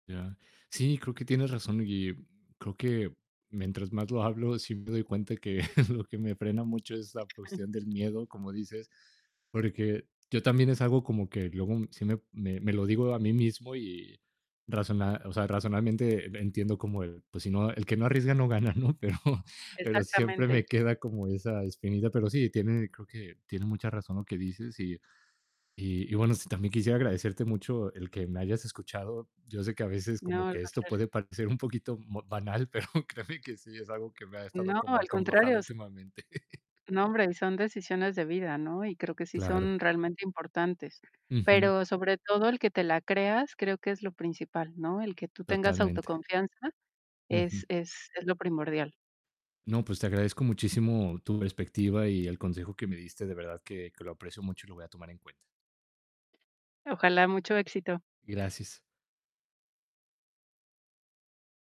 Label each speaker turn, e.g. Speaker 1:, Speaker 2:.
Speaker 1: Ya. Sí, creo que tienes razón y creo que mientras más lo hablo, sí me doy cuenta que lo que me frena mucho es la cuestión del miedo, como dices, porque yo también es algo como que luego sí me me me lo digo a mí mismo y razona, o sea, racionalmente entiendo como el, pues si no el que no arriesga no gana, ¿no? Pero pero siempre
Speaker 2: Exactamente.
Speaker 1: me queda como esa espinita. Pero sí, tiene creo que tiene mucha razón lo que dices y y y bueno, sí, también quisiera agradecerte mucho el que me hayas escuchado. Yo sé que a veces
Speaker 2: No,
Speaker 1: como
Speaker 2: al
Speaker 1: que esto
Speaker 2: contrario.
Speaker 1: puede parecer un poquito mo banal, pero créeme que, sí es algo que me ha estado
Speaker 2: No,
Speaker 1: como
Speaker 2: al
Speaker 1: acongojado
Speaker 2: contrario, s.
Speaker 1: últimamente.
Speaker 2: No, hombre, son decisiones de vida, ¿no? Y creo que sí
Speaker 1: Claro.
Speaker 2: son realmente importantes,
Speaker 1: Ujú.
Speaker 2: pero sobre todo el que te la creas, creo que es lo principal, ¿no? El que tú tengas
Speaker 1: Totalmente.
Speaker 2: autoconfianza es
Speaker 1: Ujú.
Speaker 2: es es lo primordial.
Speaker 1: No, pues, te agradezco muchísimo tu perspectiva y el consejo que me diste. De verdad que que lo aprecio mucho y lo voy a tomar en cuenta.
Speaker 2: Ojalá, mucho éxito
Speaker 1: Gracias.